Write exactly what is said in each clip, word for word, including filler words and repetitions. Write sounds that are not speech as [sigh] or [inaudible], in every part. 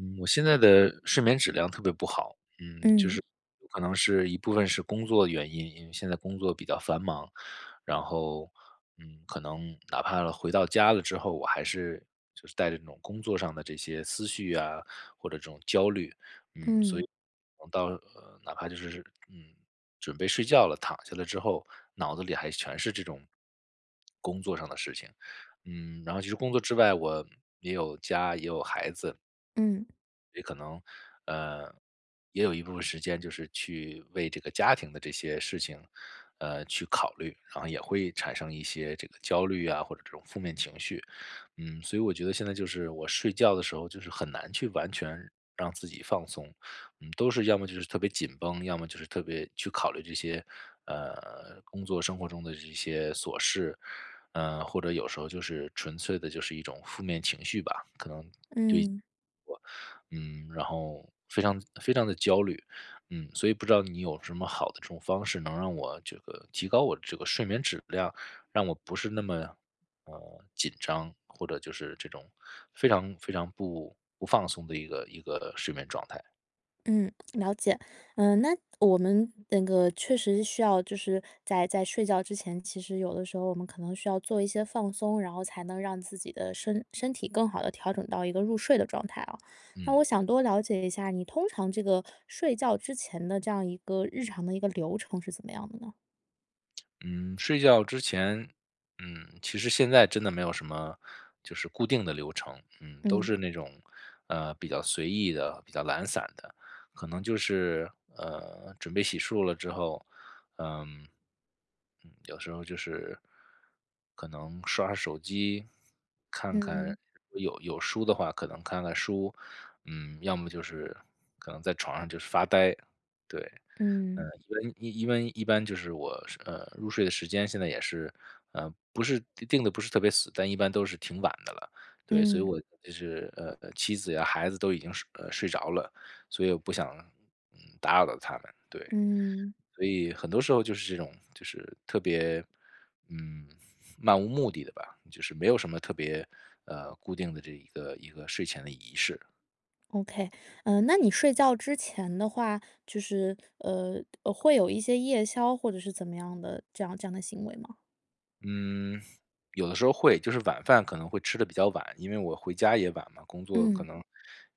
嗯，我现在的睡眠质量特别不好，嗯，就嗯。是有可能是一部分是工作原因，因为现在工作比较繁忙，然后，嗯，可能哪怕了回到家了之后，我还是就是带着那种工作上的这些思绪啊，或者这种焦虑，嗯。所嗯。以我到呃，哪怕就是嗯，准备睡觉了，躺下来之后，脑子里还全是这种工作上的事情。嗯，然后其实工作之外，我也有家，也有孩子嗯。也可能呃，也有一部分时间就是去为这个家庭的这些事情，呃，去考虑，好像也会产生一些这个焦虑啊，或者这种负面情绪。嗯，所以我觉得现在就是我睡觉的时候就是很难去完全让自己放松。嗯，都是要么就是特别紧绷，要么就是特别去考虑这些，呃，工作生活中的一些琐事。呃，或者有时候就是纯粹的就是一种负面情绪吧，可能对嗯。我，嗯，然后非常非常地焦虑。嗯，所以不知道你有什么好的这种方式能让我这个提高我的这个睡眠质量？让我不是那么，呃，紧张，或者就是这种非常非常不不放松的一个一个睡眠状态。嗯，了解。呃，那我们那个确实是需要就是在在睡觉之前，其实有的时候我们可能需要做一些放松，然后才能让自己的身身体更好地调整到一个入睡的状态啊。那嗯。我想多了解一下你通常这个睡觉之前的这样一个日常的一个流程是怎么样的呢？[smacks lips] 嗯，睡觉之前嗯，其实现在真的没有什么就是固定的流程，嗯。都嗯。是那种，呃，比较随意的、比较懒散的，可能就是，呃，准备洗漱了之后嗯嗯，有时候就是可能刷刷手机，看嗯看嗯。如果有有书的话可能看看书。嗯，要么就是可能在床上就是发呆，对。呃，嗯。因为因因为一般就是我是呃，入睡的时间现在也是，呃不是定得不是特别死，但一般都是挺晚的了，对。所以嗯。我就是呃呃，妻子呀孩子都已经睡呃，睡着了，所以我不想嗯，打扰到他们，对。嗯。所以很多时候就是这种就是特别，嗯，漫无目的的吧，就是没有什么特别呃，固定的这一个一个睡前的仪式。Okay。呃，那你睡觉之前的话，就是，呃，的会有一些夜宵或者是怎么样的这样这样的行为吗？嗯，有的时候会。就是晚饭可能会吃得比较晚，因为我回家也晚嘛，工作可嗯。能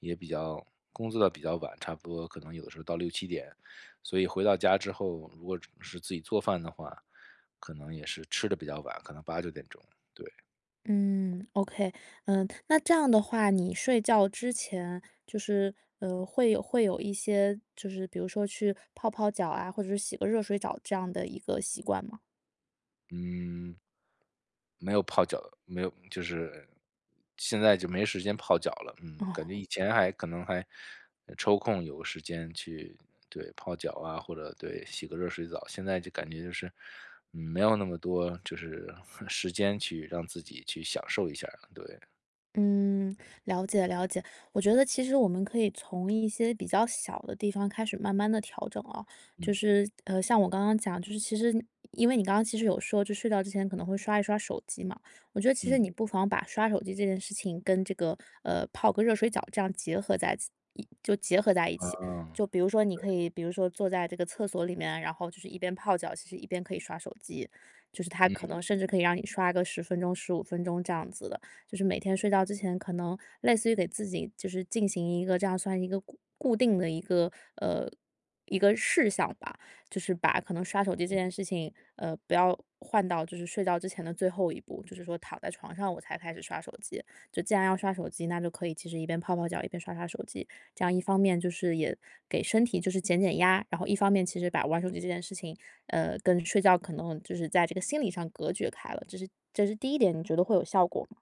也比较工作得比较晚，差不多可能有的时候到六七点。所以回到家之后，如果只能是自己做饭的话，可能也是吃得比较晚，可能八九点钟，对。嗯，okay。嗯，那这样的话，你睡觉之前，就是，呃，会有会有一些，就是比如说去泡泡脚啊，或者是洗个热水找这样的一个习惯吗？嗯没有泡脚，没有就是现在就没时间泡脚了。嗯，感觉哦。以前还可能还，呃，抽空有时间去，对，泡脚啊，或者，对，洗个热水澡。现在就感觉就是，嗯，没有那么多就是 [chuckles] 时间去让自己去享受一下了，对。嗯，了解了解。我觉得其实我们可以从一些比较小的地方开始慢慢地调整啊。就嗯。是，呃，像我刚刚讲，就是其实因为你刚刚其实有说就是睡觉之前可能会刷一刷手机嘛，我觉得其实嗯。你不妨把刷手机这件事情跟这个，呃，泡个热水角这样结合在自一就结合在一起。嗯，就比如说你对。可以比如说坐在这个厕所里面啊，然后就是一边泡脚，其实一边可以刷手机，就是它可嗯。能甚至可以让你刷个十分钟、十五分钟这样子的。就是每天睡觉之前可能类似于给自己就是进行一个这样算一个固固定的一个，呃，一个事项吧。就是把可能刷手机这嗯。件事情，呃，不要换到就是睡觉之前的最后一步，就是说躺在床上我才开始刷手机。就既然要刷手机，那就可以其实一边泡泡脚、一边刷刷手机。这样一方面就是也给身体就是减减压，然后一方面其实把玩手机这件事情，呃，跟睡觉可能就是在这个心理上隔绝开了。这是这是第一点，你觉得会有效果吗？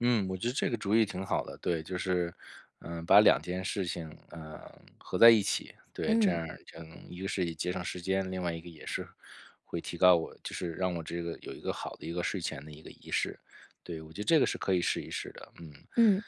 嗯，我觉得这个主意挺好的，对。就是，嗯，把两件事情，嗯，合在一起，对，这嗯。样儿就能一个是以节省时间，另外一个也是会提高我，就是让我这个有一个好的一个睡前的一个仪式，对。我觉得这个是可以试一试的，嗯，嗯。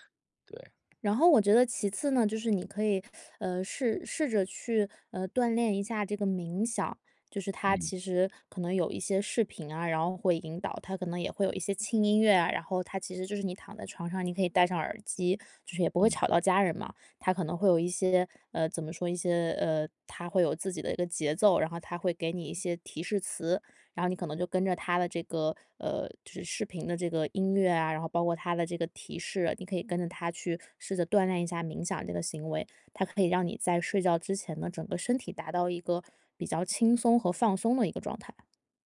对。然后我觉得其次呢，就是你可以，[sucks teeth] 呃，试试着去，呃，锻炼一下这个冥想。就是它嗯。其实可能有一些视频啊，然后会引导。它可能也会有一些轻音乐啊，然后它其实就是你躺在床上，你可以戴上耳机，就是也不会嗯。吵到家人嘛。它可能会有一些，呃，怎么说？一些呃，它会有自己的一个节奏，然后它会给你一些提示词。然后你可能就跟着它的这个呃，就是视频的这个音乐啊，然后包括它的这个提示，你可以跟着它去试则锻炼一下冥想这个行为。它可以让你在睡觉之前呢，整个身体达到一个比较轻松和放松的一个状态。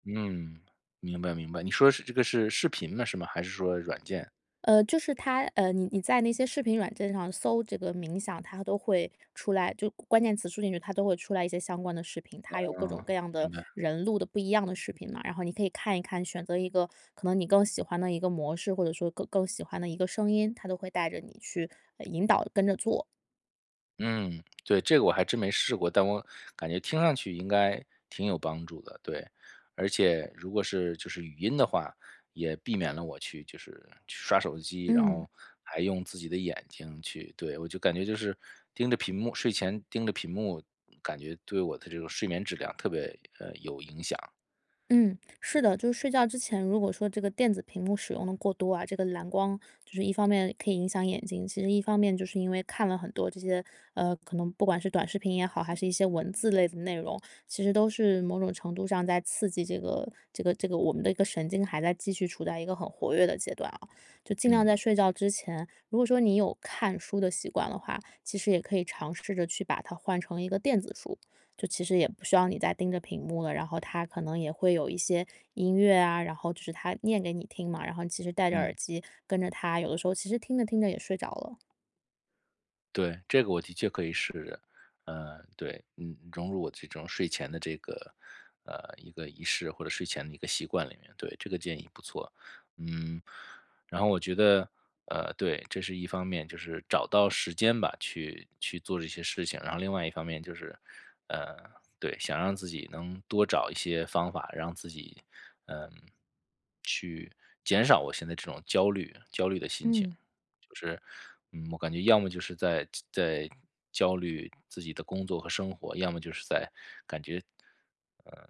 嗯，明白明白。你说的是这个是视频呢是吗？还是说软件？呃，就是它呃，你你在那些视频软件上搜这个冥想，它都会出来就关关键词输进去，它都会出来一些相关的视频。它有各种哦，各样明的白。人录的不一样的视频嘛，然后你可以看一看，选择一个可能你更喜欢的一个模式，或者说更更喜欢的一个声音，它都会带着你去，呃，引导、跟着做。嗯，对，这个我还真没试过，但我感觉听上去应该挺有帮助的，对。而且如果是就是语音的话，也避免了我去就是去刷手机，然嗯。后还用自己的眼睛去，对我就感觉就是盯着屏幕睡前盯着屏幕，感觉对我的这个睡眠质量特别，呃，有影响。嗯，是对。的，就是睡觉之前，如果说这个电子屏幕使用得过多啊，这个蓝光就是一方面可以影响眼睛，其实一方面就是因为看了很多这些，呃，可能不管是短视频也好，还是一些文字类的内容，其实都是某种程度上在刺激这个这个这个我们的一个神经还再继续处在一个很活跃的阶段哦。就尽量嗯。在睡觉之前，如果说你有看书的习惯的话，其实也可以尝试着去把它换成一个电子书，就其实也不需要你再盯着屏幕了，然后它可能也会有一些音乐啊，然后就是它念给你听嘛，然后你其实戴着耳嗯。机跟着它，有的时候其实听着听着也睡着了。对，这个我的确可以试试，呃，对，嗯，融入我这种睡前的这个，呃，一个仪式或者睡前的一个习惯里面，对，这个建议不错。嗯，然后我觉得呃，对，这是一方面，就是找到时间吧，去去做这些事情，然后另外一方面就是呃，对，想让自己能多找一些方法，让自己，嗯，去减少我现在这种焦虑焦虑的心情。嗯。就是嗯，我感觉要么就是在自在焦虑自己的工作和生活，要么就是在感觉，呃，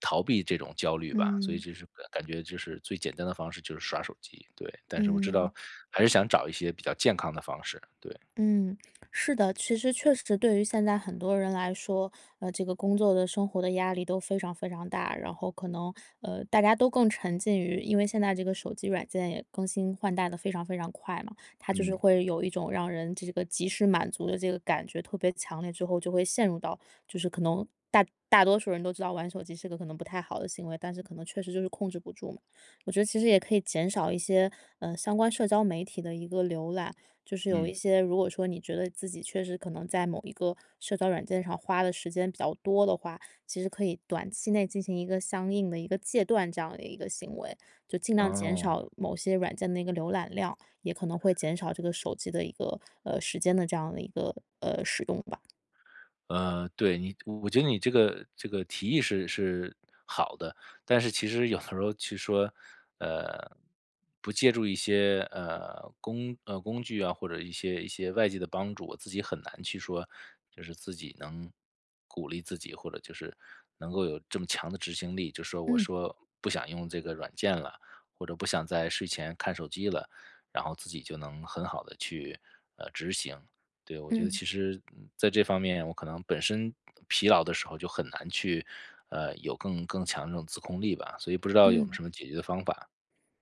逃避这种焦虑吧，所以嗯。就是感觉就是最简单的方式就是刷手机，对。但是我知嗯。道还是想找一些比较健康的方式，对。嗯，是的，其实确实对于现在很多人来说，呃，这个工作的生活的压力都非常非常大，然后可能，呃，大家都更沉浸于因为现在这个手机软件也更新换代得非常非常快嘛，它就是嗯。会有一种让人这个及时满足的这个感觉特别强烈，最后就会陷入到就是可能大大多数人都知道玩手机是个可能不太好的行为，但是可能确实就是控制不住嘛。我觉得其实也可以减少一些，嗯，相关社交媒体的一个浏览，就是有一嗯。些如果说你觉得自己确实可能在某一个社交软件上花的时间比较多的话，其实可以短期内进行一个相应的一个戒断，这样的一个行为，就尽量减哦。少某些软件的一个浏览量，也可能会减少这个手机的一个呃，时间的这样的一个呃，使用吧。呃，对，你我觉得你这个这个提议是是好的，但是其实有的时候去说，呃，不借助一些，呃，工呃，工具啊，或者一些一些外界的帮助，我自己很难去说就是自己能鼓励自己，或者就是能够有这么强的执行力。就说我嗯。说不想用这个软件了，或者不想在睡前看手机了，然后自己就能很好地去呃，执行。对，我觉得嗯。其实，嗯，在这方面我可能本身疲劳的时候就很难去呃，有更更强的这种自控力吧，所以不知道有嗯。什么解决的方法。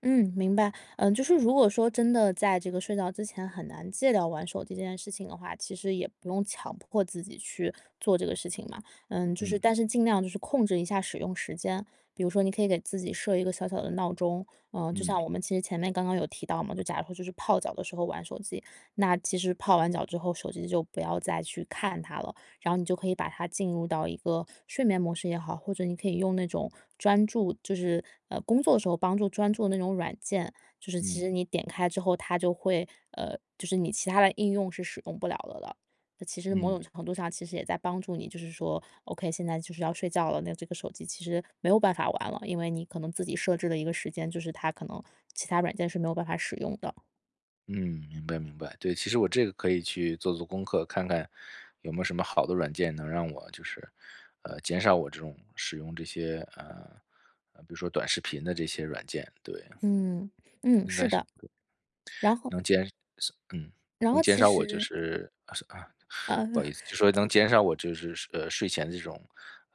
嗯，明白。呃，就是如果说真的在这个睡觉之前很难戒掉玩手机这件事情的话，其实也不用强迫自己去做这个事情嘛。呃，就是嗯。但是尽量就是控制一下使用时间，比如说你可以给自己设一个小小的闹钟，呃，就嗯。像我们其实前面刚刚有提到嘛，就假如说就是泡脚的时候玩手机，那其实泡完脚之后，手机就不要再去看它了，然后你就可以把它进入到一个睡眠模式也好，或者你可以用那种专注就是呃，工作的时候帮助专注的那种软件，就是其嗯。实你点开之后，它就会呃，就是你其他的应用是使用不了的了。那其实某嗯。种程度上其实也在帮助你就是说，OK，现在就是要睡觉了，那这个手机其实没有办法玩了，因为你可能自己设置了一个时间，就是它可能其他软件是没有办法使用的。嗯，明白明白。对，其实我这个可以去做做功课，看看有没有什么好的软件能让我就是呃，减少我这种使用这些呃呃，比如说短视频的这些软件，对。嗯。嗯，应是该是的。对，然后能减少嗯，然能后减其少我就实是啊是啊嗯。不好意思。就是能 [chuckles] 减少我就是呃，睡前这种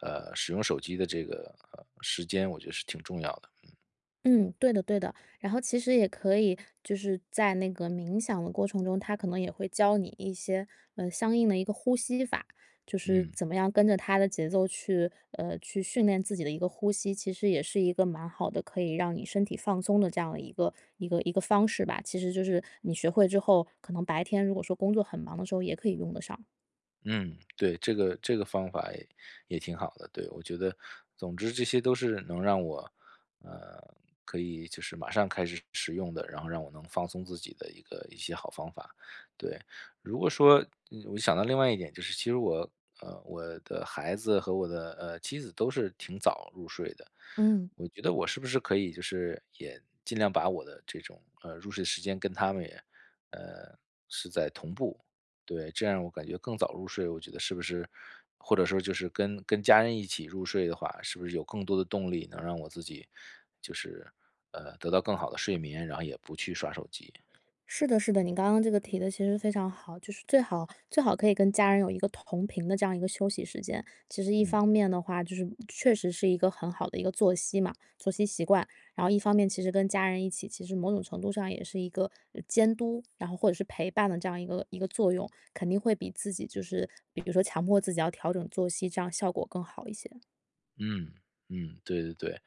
呃，使用手机的这个呃，时间。我觉得是挺重要的，嗯。嗯，对的对的。然后其实也可以就是在那个冥想的过程中，他可能也会教你一些，呃，相应的一个呼吸法，就是嗯。怎么样跟着他的节奏去，呃，去训练自己的一个呼吸，其实也是一个蛮好的可以让你身体放松的这样的一个，一个一个方式吧。其实就是你学会之后，可能白天如果说工作很忙的时候也可以用得上。嗯，对，这个这个方法也也挺好的，对。我觉得总之这些都是能让我，呃，可以就是马上开始使用的，然后让我能放松自己的一个一些好方法，对。如果说，嗯我想到另外一点，就是其实我，呃，我的孩子和我的，呃，妻子都是挺早入睡的，嗯。我觉得我是不是可以就是，也尽量把我的这种，呃，入睡时间跟他们也，呃是在同步，对。这样我感觉更早入睡，我觉得是不是或者说就是跟跟家人一起入睡的话，是不是有更多的动力能让我自己就是，呃，得到更好的睡眠，然后也不去刷手机。是的是的，你刚刚这个提得其实非常好，就是最好最好可以跟家人有一个同频的这样一个休息时间。其实一嗯。方面的话，就是确实是一个很好的一个作息嘛作息习惯，然后一方面，其实跟家人一起，其实某种程度上也是一个，呃，监督，然后或者是陪伴的这样一个一个作用。肯定会比自己就是比比如说强迫自己要调整作息，这样效果更好一些。嗯嗯，对对对。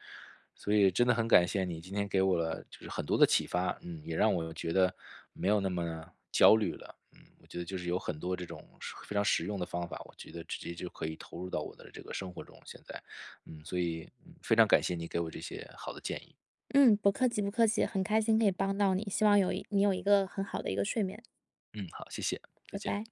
所以真的很感谢你今天给我了就是很多的启发，嗯，也让我觉得没有那么焦虑了。嗯，我觉得就是有很多，这种非常实用的方法，我觉得直接就可以投入到我的这个生活中，现在。嗯，所以非常感谢你给我这些好的建议。嗯，不客气不客气，很开心可以帮到你。希望有一你有一个很好的一个睡眠。嗯，好，谢谢，再拜见。拜。